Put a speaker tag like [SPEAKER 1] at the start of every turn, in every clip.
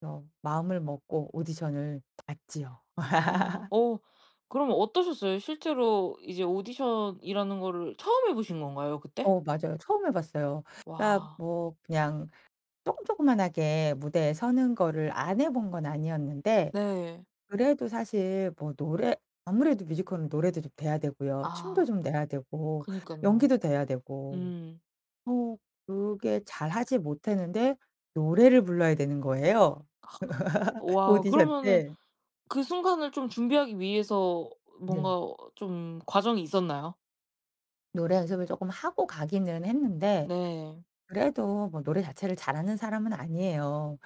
[SPEAKER 1] 그래서 마음을 먹고 오디션을 봤지요.
[SPEAKER 2] 아 어 그럼 어떠셨어요? 실제로 이제 오디션이라는 거를 처음 해 보신 건가요, 그때?
[SPEAKER 1] 어 맞아요. 처음 해 봤어요. 아
[SPEAKER 2] 와.
[SPEAKER 1] 뭐 그냥 쪼끔 쪼끄만하게 무대에 서는 거를 안 해 본 건 아니었는데
[SPEAKER 2] 네.
[SPEAKER 1] 그래도 사실 뭐 노래 아무래도 뮤지컬은 노래도 좀 돼야 되고요. 춤도
[SPEAKER 2] 아.
[SPEAKER 1] 좀 돼야 되고
[SPEAKER 2] 그니깐요.
[SPEAKER 1] 연기도 돼야 되고.
[SPEAKER 2] 음.
[SPEAKER 1] 어 그게 잘 하지 못했는데 노래를 불러야 되는 거예요.
[SPEAKER 2] 와우.
[SPEAKER 1] 오디션
[SPEAKER 2] 그러면은
[SPEAKER 1] 네.
[SPEAKER 2] 그 순간을 좀 준비하기 위해서
[SPEAKER 1] 네.
[SPEAKER 2] 뭔가 좀 과정이 있었나요?
[SPEAKER 1] 노래 연습을 조금 하고 가기는 했는데
[SPEAKER 2] 네.
[SPEAKER 1] 그래도 뭐 노래 자체를 잘하는 사람은 아니에요.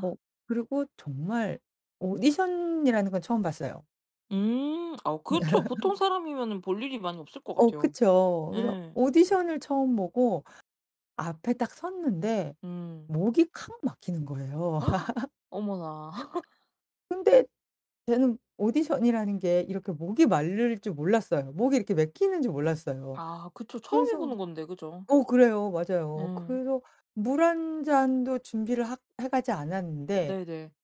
[SPEAKER 1] 어 그리고 정말 오디션이라는 건 처음 봤어요.
[SPEAKER 2] 음 아 그쵸. 보통 사람이면은 볼 일이 많이 없을 것
[SPEAKER 1] 어,
[SPEAKER 2] 같아요.
[SPEAKER 1] 그쵸. 그래서
[SPEAKER 2] 예.
[SPEAKER 1] 오디션을 처음 보고 앞에 딱 섰는데
[SPEAKER 2] 음.
[SPEAKER 1] 목이 콱 막히는 거예요.
[SPEAKER 2] 어머나.
[SPEAKER 1] 근데 저는 오디션이라는 게 이렇게 목이 마를 줄 몰랐어요. 목이 이렇게 막히는 줄 몰랐어요.
[SPEAKER 2] 아 그쵸. 처음 해
[SPEAKER 1] 그래서
[SPEAKER 2] 보는 건데, 그죠?
[SPEAKER 1] 어 그래요. 맞아요.
[SPEAKER 2] 예.
[SPEAKER 1] 그래서 물 1 잔도 준비를 하 해 가지 않았는데
[SPEAKER 2] 네네.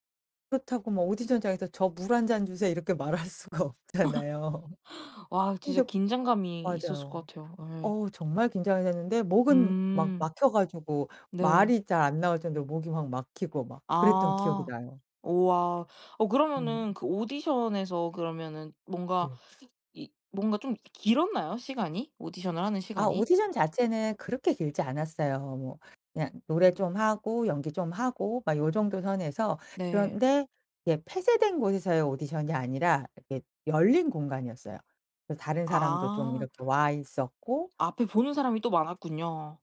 [SPEAKER 1] 그렇다고 뭐 오디션장에서 "저 물 1 잔 주세요." 이렇게 말할 수가 없잖아요.
[SPEAKER 2] 와우 진짜
[SPEAKER 1] 근데
[SPEAKER 2] 긴장감이 있었을 것
[SPEAKER 1] 맞아요.
[SPEAKER 2] 같아요. 예.
[SPEAKER 1] 어우 정말 긴장이 됐는데 목은 막
[SPEAKER 2] 음.
[SPEAKER 1] 막혀 가지고
[SPEAKER 2] 네.
[SPEAKER 1] 말이 잘 안 나올 정도로 목이 막 막히고 막 그랬던 기억이
[SPEAKER 2] 아.
[SPEAKER 1] 나요.
[SPEAKER 2] 우와. 어
[SPEAKER 1] 음.
[SPEAKER 2] 그러면은 그 오디션에서 그러면은 뭔가
[SPEAKER 1] 네.
[SPEAKER 2] 이 뭔가 좀 길었나요 시간이? 오디션을 하는
[SPEAKER 1] 아
[SPEAKER 2] 시간이?
[SPEAKER 1] 오디션 자체는 그렇게 길지 않았어요. 뭐 그냥 노래 좀 하고 연기 좀 하고 막 요 정도 선에서.
[SPEAKER 2] 네.
[SPEAKER 1] 그런데 예, 폐쇄된 곳에서의 오디션이 아니라 이게 열린 공간이었어요. 그래서 다른 사람도 좀
[SPEAKER 2] 아.
[SPEAKER 1] 이렇게 와 있었고
[SPEAKER 2] 앞에 보는 사람이 또 많았군요.